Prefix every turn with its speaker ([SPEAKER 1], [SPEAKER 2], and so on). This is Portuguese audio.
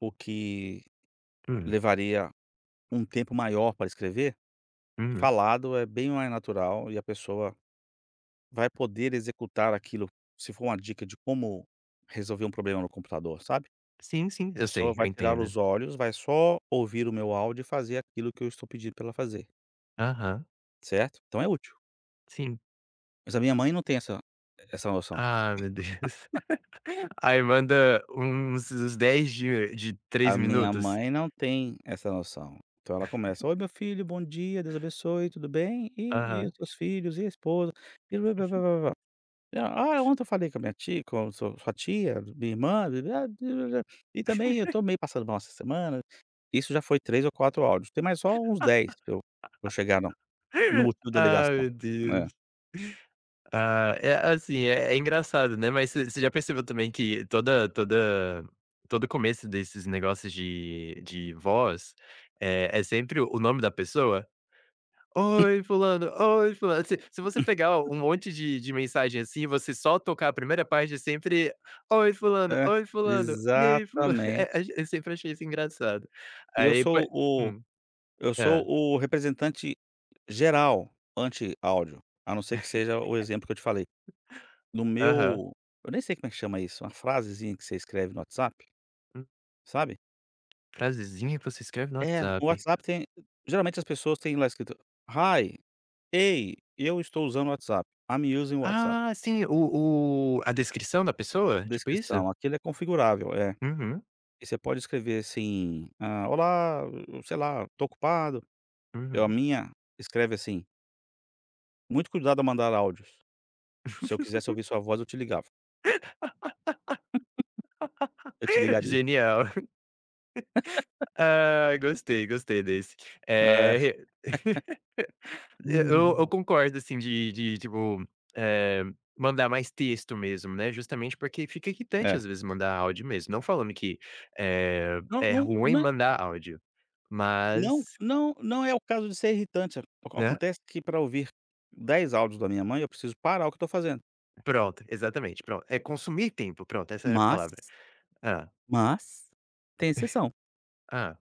[SPEAKER 1] O que
[SPEAKER 2] Hum.
[SPEAKER 1] levaria um tempo maior para escrever,
[SPEAKER 2] Hum.
[SPEAKER 1] falado é bem mais natural e a pessoa vai poder executar aquilo, se for uma dica de como resolver um problema no computador, sabe.
[SPEAKER 2] Sim, sim.
[SPEAKER 1] A
[SPEAKER 2] Eu
[SPEAKER 1] pessoa
[SPEAKER 2] sei, eu
[SPEAKER 1] vai tirar
[SPEAKER 2] entendo.
[SPEAKER 1] os olhos, vai só ouvir o meu áudio e fazer aquilo que eu estou pedindo pra ela fazer.
[SPEAKER 2] Aham.
[SPEAKER 1] Certo? Então é útil.
[SPEAKER 2] Sim.
[SPEAKER 1] Mas a minha mãe não tem essa essa noção.
[SPEAKER 2] Ah, meu Deus. Aí manda uns uns 10 de de 3
[SPEAKER 1] A minha
[SPEAKER 2] minutos.
[SPEAKER 1] mãe não tem essa noção, então ela começa: "Oi meu filho, bom dia, Deus abençoe, tudo bem? E e os
[SPEAKER 2] Aham.
[SPEAKER 1] seus filhos, e a esposa? e. Ah, ontem eu falei com a minha tia com su sua tia, minha irmã e também eu tô meio passando mal essa semana", isso já foi 3 ou 4 áudios, tem mais só uns 10 pra eu pra eu chegar no no motivo da
[SPEAKER 2] Ah,
[SPEAKER 1] ligação.
[SPEAKER 2] meu Deus.
[SPEAKER 1] É.
[SPEAKER 2] Ah, é assim é é engraçado, né, mas você você já percebeu também que toda toda todo o começo desses negócios de de voz, eh, é sempre o nome da pessoa. "Oi fulano, oi fulano". Se se você pegar um monte de de mensagem assim, e você só tocar a 1º parte é sempre: "Oi fulano,
[SPEAKER 1] Hã.
[SPEAKER 2] oi fulano, e aí fula" é
[SPEAKER 1] Exatamente.
[SPEAKER 2] é eu sempre achei isso engraçado.
[SPEAKER 1] E eu
[SPEAKER 2] Aí poe
[SPEAKER 1] sou o
[SPEAKER 2] Hum,
[SPEAKER 1] eu sou
[SPEAKER 2] hã.
[SPEAKER 1] o representante geral anti-áudio, a não ser que seja o exemplo que eu te falei. No
[SPEAKER 2] Aham.
[SPEAKER 1] meu eu nem sei como é que chama isso, uma frasezinha que você escreve no WhatsApp?
[SPEAKER 2] Hum.
[SPEAKER 1] Sabe.
[SPEAKER 2] Frasezinha que você escreve no
[SPEAKER 1] É, o
[SPEAKER 2] WhatsApp.
[SPEAKER 1] WhatsApp tem geralmente as pessoas têm lá escrito: "Hi, ei, eu estou usando o WhatsApp. I'm using o WhatsApp".
[SPEAKER 2] Ah, sim, o o a descrição da pessoa, tipo isso?
[SPEAKER 1] Descrição, aquele é configurável, é.
[SPEAKER 2] Uhum.
[SPEAKER 1] E você pode escrever assim, "Ah, olá, sei lá, estou ocupado." Eu a
[SPEAKER 2] Uhum.
[SPEAKER 1] minha escreve assim "muito cuidado ao mandar áudios. Se eu quisesse ouvir sua voz, eu te ligava". "Eu te ligaria".
[SPEAKER 2] Genial. Ai, gostei, gostei desse.
[SPEAKER 1] Ah.
[SPEAKER 2] Eh, re e eu eu concordo, assim, de de tipo, eh, mandar mais texto mesmo, né, justamente porque fica irritante,
[SPEAKER 1] É.
[SPEAKER 2] às vezes, mandar áudio mesmo. Não falando que, eh,
[SPEAKER 1] Não
[SPEAKER 2] é
[SPEAKER 1] não
[SPEAKER 2] ruim
[SPEAKER 1] não
[SPEAKER 2] mandar áudio,
[SPEAKER 1] não
[SPEAKER 2] mas
[SPEAKER 1] não não é o caso de ser irritante, aco
[SPEAKER 2] Né.
[SPEAKER 1] acontece que pra ouvir 10 áudios da minha mãe, eu preciso parar o que tô fazendo.
[SPEAKER 2] Pronto, exatamente, pronto, é consumir tempo, pronto, essa era a
[SPEAKER 1] Mas
[SPEAKER 2] palavra. Hã.
[SPEAKER 1] mas tem exceção.
[SPEAKER 2] Hã.